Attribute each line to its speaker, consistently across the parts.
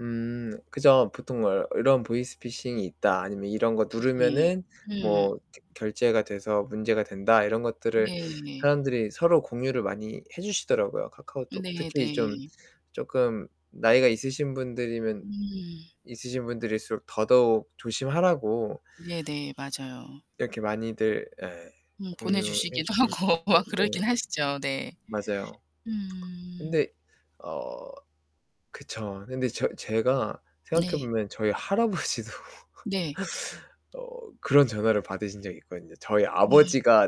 Speaker 1: 음 그죠. 보통 뭐 이런 보이스 피싱이 있다, 아니면 이런 거
Speaker 2: 네.
Speaker 1: 누르면은
Speaker 2: 음.
Speaker 1: 뭐 결제가 돼서 문제가 된다, 이런 것들을
Speaker 2: 네.
Speaker 1: 사람들이 서로 공유를 많이 해 주시더라고요. 카카오톡.
Speaker 2: 네,
Speaker 1: 특히 좀
Speaker 2: 네.
Speaker 1: 쪼끔 나이가 있으신 분들이면,
Speaker 2: 음.
Speaker 1: 있으신 분들일수록 더더욱 조심하라고.
Speaker 2: 네네. 맞아요.
Speaker 1: 이렇게 많이들 예
Speaker 2: 음
Speaker 1: 공유해
Speaker 2: 보내주시기도
Speaker 1: 주실 것
Speaker 2: 하고
Speaker 1: 같고
Speaker 2: 막
Speaker 1: 그
Speaker 2: 그러긴 하시죠, 네.
Speaker 1: 맞아요.
Speaker 2: 음.
Speaker 1: 근데 어 그쵸. 근데 저 제가 생각해
Speaker 2: 네.
Speaker 1: 보면 저희 할아버지도
Speaker 2: 네.
Speaker 1: 어 그런 전화를 받으신 적이 있거든요. 저희
Speaker 2: 음.
Speaker 1: 아버지가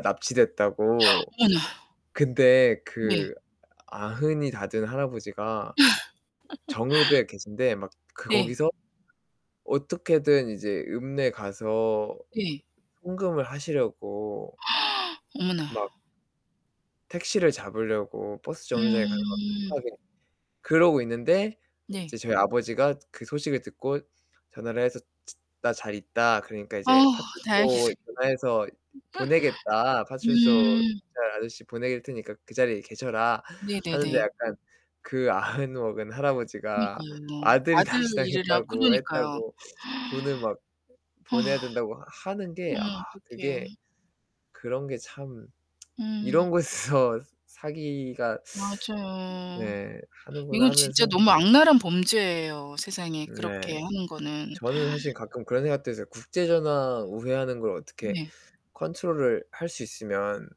Speaker 1: 납치됐다고.
Speaker 2: 어머나.
Speaker 1: 근데
Speaker 2: 네.
Speaker 1: 그 아흔이 다 된 할아버지가 정읍에 계신데 막 그
Speaker 2: 네.
Speaker 1: 거기서 어떻게든 이제 읍내에 가서
Speaker 2: 네.
Speaker 1: 송금을 하시려고.
Speaker 2: 어머나.
Speaker 1: 막. 택시를 잡으려고 버스 정류장에 가서 막
Speaker 2: 음.
Speaker 1: 급하게 그러고 있는데
Speaker 2: 네.
Speaker 1: 이제 저희 아버지가 그 소식을 듣고 전화를 해서 나 잘 있다. 그러니까
Speaker 2: 아
Speaker 1: 이제
Speaker 2: 다행이네.
Speaker 1: 파출소 전화해서 보내겠다. 파출소
Speaker 2: 음.
Speaker 1: 경찰 아저씨 보낼 테니까 그 자리에 계셔라 하는데
Speaker 2: 네네네.
Speaker 1: 약간 그 아흔 먹은 할아버지가
Speaker 2: 그러니까요.
Speaker 1: 아들이
Speaker 2: 아들 일이라
Speaker 1: 납치당했다고
Speaker 2: 그러니까요.
Speaker 1: 했다고 돈을 막 보내야
Speaker 2: 아
Speaker 1: 된다고 하는 게 아
Speaker 2: 어머
Speaker 1: 그게
Speaker 2: 어떡해.
Speaker 1: 그런 게 참.
Speaker 2: 음.
Speaker 1: 이런 곳에서 사기가
Speaker 2: 맞아요.
Speaker 1: 네 하는구나
Speaker 2: 이건 진짜
Speaker 1: 하면서.
Speaker 2: 너무 악랄한 범죄예요, 세상에
Speaker 1: 네,
Speaker 2: 그렇게 하는 거는.
Speaker 1: 저는 사실 가끔 그런 생각도 했어요. 국제전화 우회하는 걸 어떻게
Speaker 2: 네.
Speaker 1: 컨트롤을 할 수 있으면.